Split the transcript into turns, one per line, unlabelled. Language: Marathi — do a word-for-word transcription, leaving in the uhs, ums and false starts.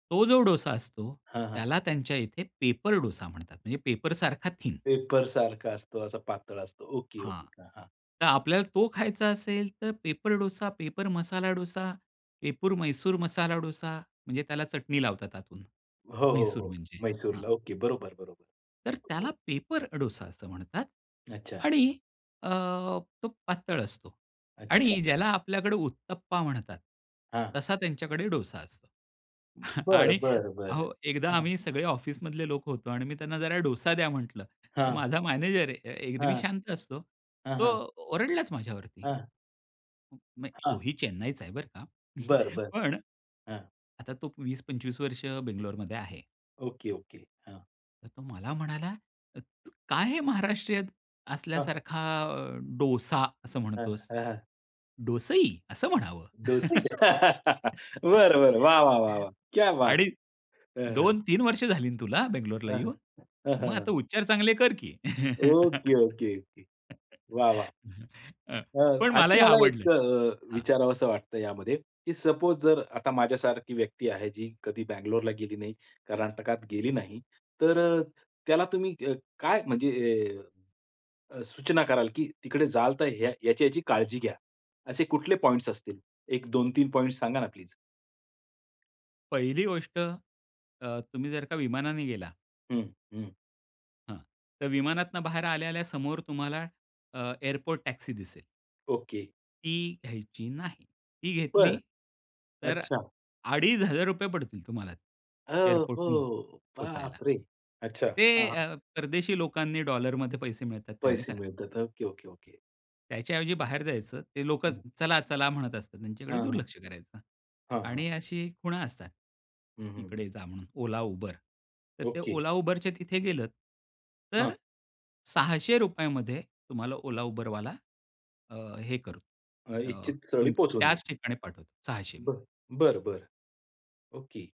तो जो डोसा असतो.
हां, हां.
त्याला त्यांच्या इथे पेपर डोसा म्हणतात, म्हणजे पेपर सारखा थीन.
पेपरसारखा असतो, असा पातळ असतो.
हां.
ओके-ओके. हां, हां.
तर आपल्याला तो खायचा असेल तर paper dosa, paper masala dosa, paper Mysore masala dosa, म्हणजे त्याला चटणी लावतात आतून.
हो, हो,
म्हैसूर
हो.
म्हणजे हां.
म्हैसूरला ओके. बरोबर-बरोबर.
तर त्याला
हो.
पेपर डोसा असं म्हणतात.
अच्छा.
आणि अ, तो पातळ असतो.
अच्छा.
आणि ज्याला आपल्याकडे उत्तप्पा म्हणतात.
हां.
तसा त्यांच्याकडे डोसा असतो.
बरं,
आणि
बरं, बरं.
हो एकदा
हं.
आम्ही सगळे ऑफिसमधले लोक होतो आणि मी त्यांना जरा डोसा द्या म्हंटलं. तर
हां.
माझा मॅनेजर अ, एरवी
हां.
शांत असतो.
हां, हां.
तो ओरडलाच माझ्यावरती.
हां.
हं मग तो
हां.
ही चेन्नईचा आहे बरं का.
बरं-बरं.
पण,
हां.
आता तो वीस पंचवी वर्ष बंगलोरमध्ये आहे.
Okay okay. हां.
तर तो मला म्हणाला. अ, त "काय हे महाराष्ट्रीयन
हां.
असल्यासारखा अ, डोसा असं
हां,
म्हणतोस?
हां, हां.
डोसई असं म्हणावं.
डोसई. बरं-बरं. वाह! वाह! वाह! वाह! क्या बात है!
आणि
हं, हं.
दोन तीन वर्ष झाली ना, तुला
हं,
बंगलोरला येऊन?
हं,
मग
हं,
आता
हं.
उच्चार चांगले कर की."
Okay, okay, okay. वाह! वाह!
हं. अ,
अ,
पण
आणखी
मलाही
मला
आवडलं.
एक अ,
हां.
विचारावंस वाटतं यामध्ये की सपोज जर आता माझ्यासारखी व्यक्ती आहे जी कधी बंगलोरला गेली नाही, कर्नाटकात गेली नाही, तर अ, त्याला तुम्ही क काय म्हणजे अ, सूचना कराल की तिकडे जाल तर ह्या याची-याची काळजी घ्या. असे कुठले पॉईंट्स असतील. एक दोन तीन पॉइंट्स सांगा ना प्लीज?
पहिली गोष्ट. अ, तुम्ही जर का विमानाने गेला
हं, हं.
हां. तर विमानातून बाहेर आल्या-आल्या समोर तुम्हाला. अ, एअरपोर्ट टॅक्सी दिसेल
ओके.
ती घ्यायची नाही. ती घेतली.
बरं.
तर
अच्छा.
अडीच हजार रुपये पडतील तुम्हाला
अ,
एअरपोर्टहून
हो.
पोहचायला.
बापरे! अच्छा,
ते
हां.
अ, परदेशी लोकांनी डॉलरमध्ये पैसे मिळतात त्यांनी
पैसे
करावं.
मिळतात. Okay, okay, okay.
त्याच्या ऐवजी बाहेर जायचं, ते लोकच
हां,
चला-चला म्हणत असतात त्यांच्याकडे
हां.
दुर्लक्ष करायचं.
हां, हां.
आणि अशी खुणा असतात.
हं, हं, हं.
इकडे जा म्हणून Ola, Uber. तर ते
ओके.
Ola, Uber तर ते तिथे गेलत.
हां.
तर सहाशे रुपयामध्ये तुम्हाला Ola, Uberवाला अ, हे करू
अ,
अ,
इच्छित स्थळी
तुम
पोहचून
त्याच
देईल.
ठिकाणी पाठवतो सहाशे.
बरं. बरं, बरं. ओके.